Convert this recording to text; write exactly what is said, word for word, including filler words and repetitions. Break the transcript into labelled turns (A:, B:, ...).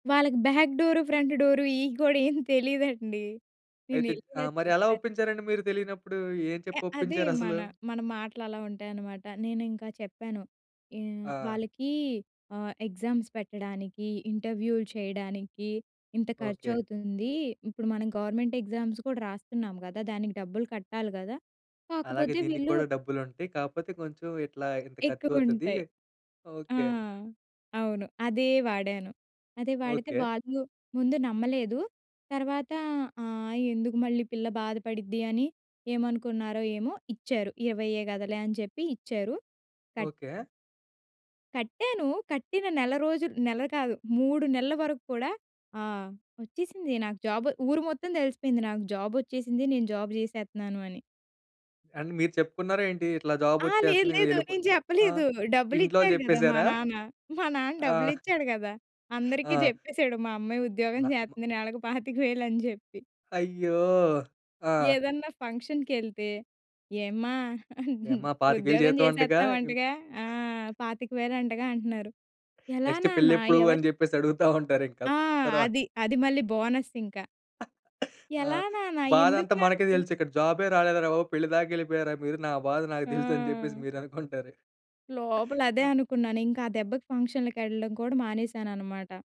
A: వాళ్ళకి back door, front door ఇయి కూడా ఏం తెలీదండి. నేను
B: అయితే
A: ఎల్లి
B: ఆ!
A: ఇలా
B: మరి ఎలా
A: చెప్పా
B: ఒప్పించారండి, మీరు తెలియనప్పుడు? ఏం
A: య
B: చెప్పి
A: అదే మన,
B: ఒప్పించారసలు?
A: మన మాటలు అలా ఉంటాయన్నమాట. నేనింకా చెప్పాను, యవ్
B: ఆ!
A: వాళ్ళకీ ఆహ్, ఎగ్జామ్స్ పెట్టడానికి, ఇంటర్‌వ్యూలు చేయడానికి, ఇంత
B: ఓకే.
A: ఖర్చవుతుంది. ఇప్పుడు మనం గవర్నమెంట్ ఎగ్జామ్స్ కూడా రాస్తున్నాం కదా! దానికి డబ్బులు కట్టాలి కదా!
B: అలాగే
A: కాకపోతే వీళ్ళు
B: దీనిక్కూడా డబ్బులుంటాయి. కాకపోతే, కొంచెం ఇట్లా ఇంత ఖర్చవుతది.
A: ఎక్కువుంటాయి. ఆ!
B: ఓకే.
A: అవును. అదే వాడాను. అదే వాడితే
B: ఓకే.
A: వాళ్ళు, ముందు నమ్మలేదు. తర్వాత ఆహ్, "ఎందుకు మళ్ళీ పిల్ల బాధపడిద్ది అని, ఏమనుకున్నారో ఏమో" ఇచ్చారు. ఇరవైయే కదాలే అని చెప్పి ఇచ్చారు. Cut
B: okay.
A: కట్టాను. కట్టిన నెల రోజులు నెల కాదు, మూడు నెలల వరక్కూడా, ఆ! వచ్చేసింది నాకు జాబు ఊరు మొత్తం తెలిసిపోయింది, నాకు జాబోచ్చేసింది. నేను జాబ్ చేసేత్తున్నాను అని.
B: అండ్ మీరు చెప్పుకున్నారా ఏంటి? ఇట్లా జాబ్
A: ఆ! లేదు,
B: ఒచ్చేస్తుంది ఇంకా
A: లేదు
B: వెళ్ళిపోయి
A: నేను
B: ఆ!
A: చెప్పలేదు.
B: ఇంట్లో వాళ్ళు
A: డబ్బులిచ్చాడు కదా! మా
B: చెప్పేసారా?
A: నాన్న. మా నాన్న
B: ఆ!
A: డబ్బులిచ్చాడు కదా! అందరికి
B: ఆ!
A: చెప్పేసాడు, "మా అమ్మాయి ఉద్యోగం
B: నా మ
A: చేస్తుంది నెలకు పాతిక వేలని" చెప్పి.
B: అయ్యో! ఆ!
A: ఏదన్నా ఫంక్షన్‌కెళ్తే, "ఏమ్మా!
B: ఏమ్మా! పాతిక వేలు
A: ఉద్యోగం
B: జీతం అంటగా! ఎం
A: చేసేస్తున్నావంటగా! ఆ! పాతిక వేలు అంటగా," అంటున్నారు. ఎలా
B: నెక్స్ట్
A: నాన్న?
B: పెళ్ళెప్పుడు
A: ఎవరు
B: అని చెప్పేసి అడుగుతా ఉంటారు ఇంకా.
A: ఆ!
B: తరువా
A: అది. అది మళ్ళి బోనసింకా.
B: ఆ!
A: ఎలా నాన్న? ఎందుకు
B: బాధంతా మనకే
A: నాన్న
B: తెలుసిక్కడ, జాబే రాలేదురా బాబు! పెళ్లి దాకా వెళ్ళిపోయారా మీరు నా బాధ నాకు తెలుసు, అని చెప్పేసి
A: ఆ!
B: మీరనుకుంటారు.
A: లోపల అదే
B: ఆ!
A: అనుకున్నాను. ఇంకా ఆ దెబ్బకి ఫంక్షన్‌లకేళ్ళడం కూడా మానేసానన్నమాట.